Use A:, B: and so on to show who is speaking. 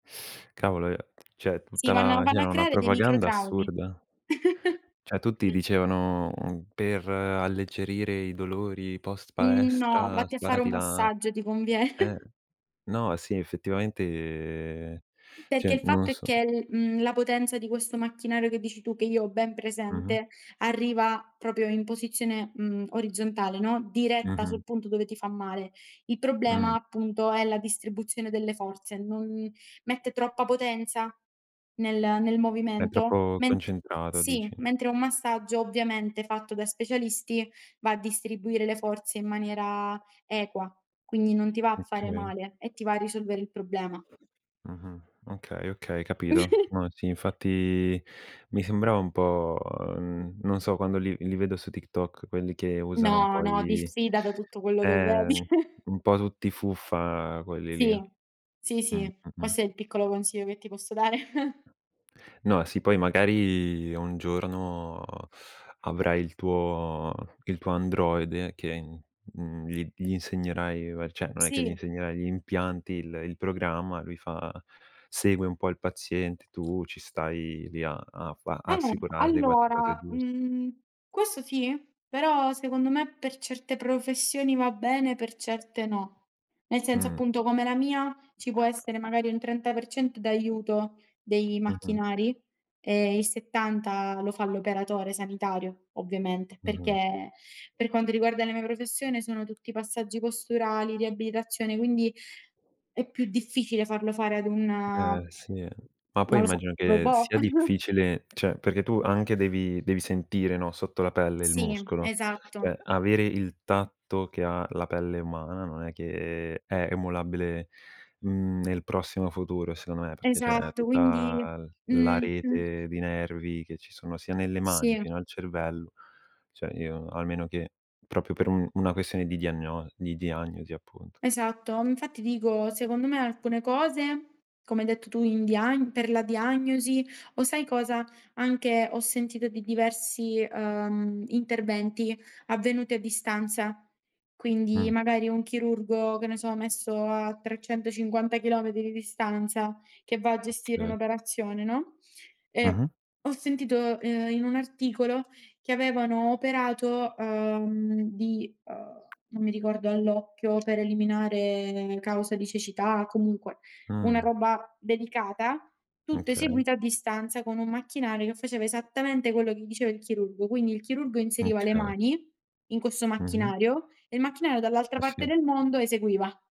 A: Cavolo, ehm, cioè,
B: Sì,
A: tutta
B: vanno
A: la
B: vanno a
A: c'era una
B: creare dei
A: propaganda
B: microtraumi.
A: assurda. Cioè tutti dicevano, uhm: "Per alleggerire i dolori
B: Mhmm, no,
A: post-palestra
B: vatti a fare
A: sparati
B: un
A: la"
B: massaggio ti conviene.
A: ehm no, sì, effettivamente,
B: Perché,
A: cioè,
B: il
A: non lo
B: fatto è
A: so.
B: che, mhmm, la potenza di questo macchinario che dici tu, che io ho ben
A: Mh-mh.
B: presente, arriva proprio in posizione, mhmm, orizzontale, no, diretta
A: Mh-mh.
B: sul punto dove ti fa male. Il problema,
A: Mh.
B: appunto, è la distribuzione delle forze: non mette troppa potenza nel nel
A: È
B: movimento.
A: troppo
B: Men
A: concentrato,
B: sì,
A: dici?
B: mentre un massaggio, ovviamente, fatto da specialisti va a distribuire le forze in maniera equa, quindi, non ti va a fare
A: Okay.
B: male, e ti va a risolvere il problema.
A: Mh-mh. Okay, okay, capito. No, sì, infatti, mi sembrava un po', mhmm, non so quando li li vedo su TikTok quelli che usano un
B: No,
A: po'
B: no,
A: i
B: diffida da tutto quello che vedi.
A: ehm, un po' tutti fuffa quelli lì.
B: Sì. Sì,
A: Mh,
B: sì,
A: mh-mh.
B: questo è il piccolo consiglio che ti posso dare.
A: No, sì, poi magari un giorno avrai il tuo il tuo androide che, mhmm, mhmm, gli gli insegnerai, beh, cioè, non è che gli
B: Sì.
A: insegnerai, gli impianti, il il programma, lui fa segue un po' il paziente, tu ci stai lì a a fa
B: Eh,
A: a assicurarti che fa le cose
B: allora,
A: giuste.
B: mhmm, questo sì, però, secondo me, per certe professioni va bene, per certe no. Nel senso,
A: Mh.
B: appunto, come la mia, ci può essere, magari, un 30% d'aiuto dei
A: Mh-mh.
B: macchinari e il 70 lo fa l'operatore sanitario, ovviamente,
A: Mh-mh.
B: perché, per quanto riguarda la mia professione, sono tutti passaggi posturali, riabilitazione, quindi, è più difficile farlo fare ad un
A: Eh, sì, eh. Ma,
B: non
A: poi,
B: lo so,
A: immagino che
B: robot?
A: sia difficile, cioè, perché tu, anche, devi devi sentire, no, sotto la pelle il
B: Sì,
A: muscolo.
B: esatto.
A: Cioè, avere il tatto che ha la pelle umana non è che è emulabile, mhmm, nel prossimo futuro, secondo me, perché c'è
B: Esatto, quindi
A: tutta l la
B: mh-mh.
A: rete di nervi che ci sono, sia nelle mani,
B: Sì.
A: fino al cervello. Cioè, io, almeno, che, proprio per un una questione di diagno di diagnosi, appunto.
B: Esatto, infatti, dico, secondo me, alcune cose, come hai detto tu, in diagn per la diagnosi o, sai cosa? Anche, ho sentito di diversi, uhm, interventi avvenuti a distanza. Quindi,
A: Mh.
B: magari, un chirurgo, che ne so, messo a 350 chilometri di distanza che va a gestire
A: Okay.
B: un'operazione, no, ehm,
A: Mh-mh.
B: ho sentito, ehm, in un articolo che avevano operato, uhm, di, uhm, non mi ricordo, all'occhio per eliminare causa di cecità, comunque, una
A: Mh.
B: roba delicata, tutto
A: Okay.
B: eseguito a distanza con un macchinario che faceva esattamente quello che gli diceva il chirurgo. Quindi, il chirurgo inseriva le
A: Okay.
B: mani in questo
A: Mh-mh.
B: macchinario e il macchinario dall'altra
A: Eh
B: parte
A: sì.
B: del mondo eseguiva.